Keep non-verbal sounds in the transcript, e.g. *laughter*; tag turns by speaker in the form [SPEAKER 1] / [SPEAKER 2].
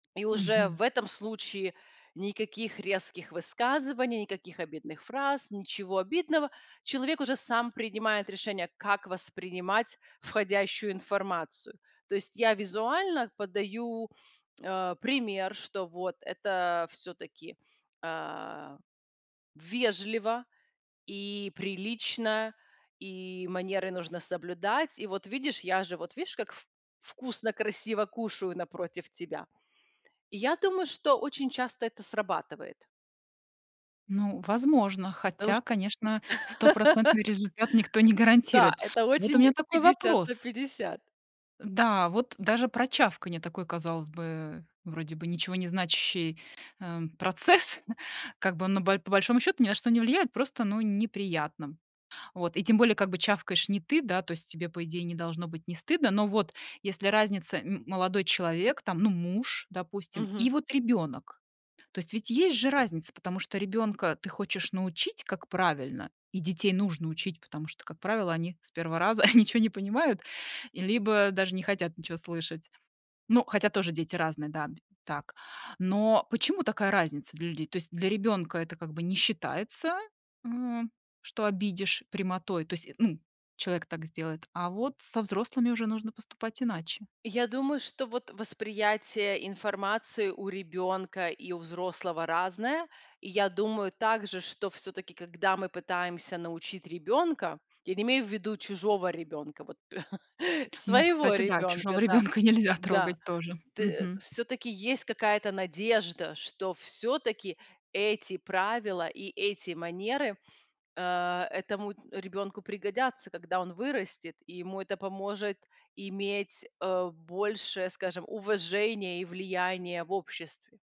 [SPEAKER 1] И уже
[SPEAKER 2] Мгм.
[SPEAKER 1] в этом случае- никаких резких высказываний, никаких обидных фраз, ничего обидного. Человек уже сам принимает решение, как воспринимать входящую информацию. То есть я визуально подаю, э, пример, что вот это всё-таки, э, вежливо и прилично, и манеры нужно соблюдать. И вот, видишь, я же, вот видишь, как вк вкусно, красиво кушаю напротив тебя. И я думаю, что очень часто это срабатывает.
[SPEAKER 2] Ну, возможно,
[SPEAKER 1] Да уж,
[SPEAKER 2] хотя,
[SPEAKER 1] тут
[SPEAKER 2] конечно, стопроцентный результат никто не
[SPEAKER 1] *laughs* Да,
[SPEAKER 2] гарантирует.
[SPEAKER 1] это
[SPEAKER 2] Вот у
[SPEAKER 1] очень
[SPEAKER 2] меня такой
[SPEAKER 1] 50 на
[SPEAKER 2] вопрос.
[SPEAKER 1] 50.
[SPEAKER 2] Да, вот даже про чавканье- такой, казалось бы, э, вроде бы ничего не значащий, эм, процесс как бы, но б по большому счёту, ни на что не влияет. Просто, ну, неприятно. Вот. И тем более, как бы, чавкаешь не ты, да, то есть тебе, по идее, не должно быть не стыдно. Но вот если разница: м молодой человек, там, ну, муж, допустим, и
[SPEAKER 1] Мгм.
[SPEAKER 2] вот ребёнок. То есть ведь есть же разница, потому что ребёнка ты хочешь научить, как правильно, и детей нужно учить. Потому что, как правило, они с 1 раза *chuckles* ничё не понимают, либо даже не хотят ничего слышать. Ну, хотя тоже дети разные, да, б так. Но почему такая разница для людей? То есть для ребёнка это как бы не считается, м, что обидишь прямотой, то есть, м, человек так сделает. А вот со взрослыми уже нужно поступать иначе.
[SPEAKER 1] Я думаю, что вот восприятие информации у ребёнка и у взрослого разное. И я думаю также, что всё-таки, когда мы пытаемся научить ребёнка- я не имею ввиду чужого ребёнка, вот, *laughs*
[SPEAKER 2] Ну,
[SPEAKER 1] своего
[SPEAKER 2] кстати, да, чужого
[SPEAKER 1] ребёнка. Да.
[SPEAKER 2] ребенка нельзя
[SPEAKER 1] Да.
[SPEAKER 2] трогать тоже.
[SPEAKER 1] Т
[SPEAKER 2] Мгм.
[SPEAKER 1] всё-таки есть какая-то надежда, что всё-таки эти правила и эти манеры, э, этому ребёнку пригодятся, когда он вырастет. И ему это поможет иметь, э, больше, скажем, уважения и влияния в обществе.